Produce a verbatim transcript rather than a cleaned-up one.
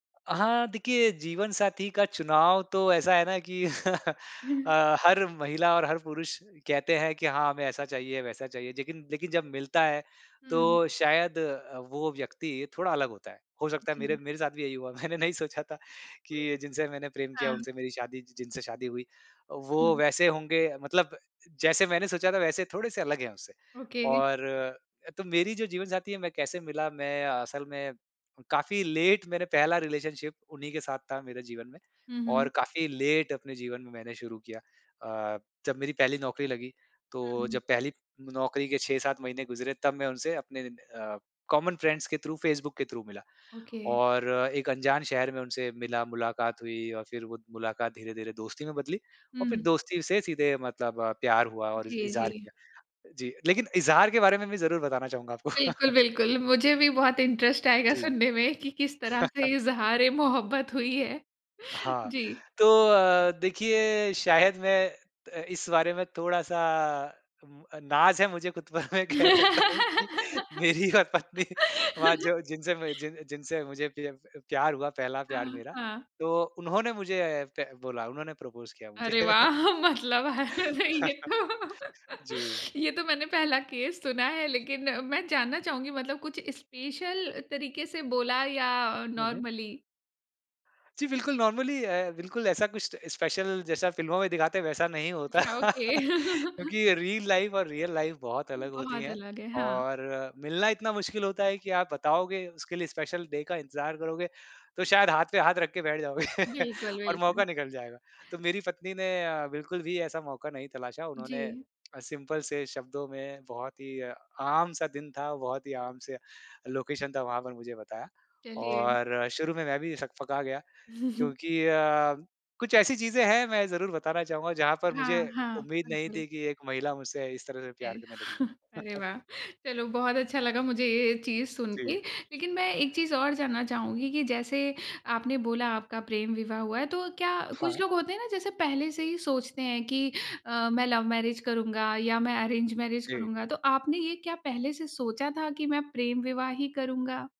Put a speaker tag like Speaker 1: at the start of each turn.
Speaker 1: हाँ, देखिए जीवन साथी का चुनाव तो ऐसा है ना कि अ, हर महिला और हर पुरुष कहते हैं कि हाँ, हमें ऐसा चाहिए, वैसा चाहिए। जेकिन लेकिन जब मिलता है
Speaker 2: हुँ।
Speaker 1: तो शायद अ, वो व्यक्ति थोड़ा अलग होता है। हो सकता है मेरे
Speaker 2: जी।
Speaker 1: मेरे साथ भी यही हुआ। मैंने नहीं सोचा था कि जिनसे मैंने प्रेम किया
Speaker 2: हाँ।
Speaker 1: उनसे मेरी शादी जि जिनसे शादी हुई। वो
Speaker 2: हुँ।
Speaker 1: वैसे होंगे मतलब जैसे मैंने सोचा था वैसे थोड़े-से अलग है उससे
Speaker 2: ओके।
Speaker 1: और अ, तो मेरी जो जीवन साथी है मैं कैसे मिला, मैं असल में काफ़ी लेट मैंने पहला रिलेशनशिप उन्हीं के साथ था मेरे जीवन में
Speaker 2: हुँ,
Speaker 1: और
Speaker 2: हुँ।
Speaker 1: काफ़ी लेट अपने जीवन में मैंने शुरू किया। अ, जब मेरी पहली नौकरी लगी तो
Speaker 2: हुँ।
Speaker 1: जब पहली नौकरी के छह सात महीने गुज़रे तब मैं उनसे अपने इन अ, कॉमन फ्रेंड्स के थ्रू फेसबुक के थ्रू मिला
Speaker 2: ओके।
Speaker 1: और एक अनजान शहर में उनसे मिला, मुलाकात हुई और फिर वो मुलाकात धीरे-धीरे दोस्ती में बदली और फिर
Speaker 2: हुँ।
Speaker 1: दोस्ती से सीधे मतलब प्यार हुआ और इज़
Speaker 2: जी,
Speaker 1: इज़हार
Speaker 2: जी।
Speaker 1: किया। जी, लेकिन इज़हार के बारे में मैं ज़रूर बताना चाहूँगा आपको।
Speaker 2: बिल्कुल, बिल्कुल। मुझे भी बहुत इंटरेस्ट आएगा
Speaker 1: जी।
Speaker 2: सुनने में कि किस तरह से इज़हार-ए-मोहब्बत हुई है।
Speaker 1: हाँ,
Speaker 2: जी।
Speaker 1: तो अ, देखिए शायद मैं त इस बारे में थोड़ा-सा उम, अ नाज़ है मुझे खुद पर मैं कह सकता हूँ कि मेरी और पत्नी वहाँ जो जिनसे मुझे जिन जिनसे मुझे पि अप प प्यार हुआ पहला प्यार
Speaker 2: हाँ,
Speaker 1: मेरा।
Speaker 2: हाँ।
Speaker 1: तो उन्होंने मुझे ए, ए पै बोला। उन्होंने प्रपोज़ किया
Speaker 2: अरे
Speaker 1: मुझे।
Speaker 2: वाह! मतलब [unintelligible] ये तो।
Speaker 1: जी।
Speaker 2: ये तो मैंने पहला केस सुना है लेकिन मैं जानना चाहूँगी मतलब कुछ स्पेशल तरीके से बोला या
Speaker 1: हुँ, हुँ।
Speaker 2: नॉर्मली।
Speaker 1: जी, बिल्कुल नॉर्मली अ, बिल्कुल ऐसा कुछ त स्पेशल जैसा फिल्मों में दिखाते हैं वैसा नहीं होता।
Speaker 2: अच्छा, ओके।
Speaker 1: क्योंकि रील लाइफ और रियल लाइफ बहुत अलग होती
Speaker 2: बहुत
Speaker 1: है
Speaker 2: अलग है, हाँ।
Speaker 1: और मिलना इतना मुश्किल होता है कि आप बताओगे, उसके लिए स्पेशल डे का इंतजार करोगे, तो शायद हाथ पे हाथ रख के बैठ जाओगे
Speaker 2: बिल्कुल,
Speaker 1: और
Speaker 2: बिल्कुल।
Speaker 1: मौका निकल जाएगा। तो मेरी पत्नी ने अ, बिल्कुल भी ऐसा मौका नहीं तलाशा उन्होंने
Speaker 2: जी।
Speaker 1: अ, सिंपल से शब्दों में बहुत ही आम सा दिन था, बहुत ही आम से लोकेशन था, वहाँ पर मुझे बताया
Speaker 2: चलिए।
Speaker 1: और शुरू में मैं भी सकपका गया। क्योंकि अ, कुछ ऐसी चीज़ें हैं मैं ज़रूर बताना चाहूँगा जहाँ पर मुझे,
Speaker 2: हाँ, हाँ।
Speaker 1: उम्मीद नहीं
Speaker 2: बिल्कुल।
Speaker 1: थी कि एक महिला मुझसे इस तरह से
Speaker 2: है
Speaker 1: प्यार करने लगेगी।
Speaker 2: अरे वाह! चलो बहुत अच्छा लगा मुझे ये चीज़ सुनके।
Speaker 1: जी।
Speaker 2: लेकिन मैं एक चीज़ और जानना चाहूँगी कि जैसे आपने बोला आपका प्रेम विवाह हुआ है तो क्या कुछ
Speaker 1: हाँ।
Speaker 2: लोग होते हैं ना जैसे पहले से ही सोचते हैं कि अ, मैं लव मैरिज करूँगा या मैं अरेंज मैरिज
Speaker 1: जी।
Speaker 2: करूँगा। तो आपने ये क्या पहले से सोचा था कि मैं प्रेम विवाह ही करूँगा?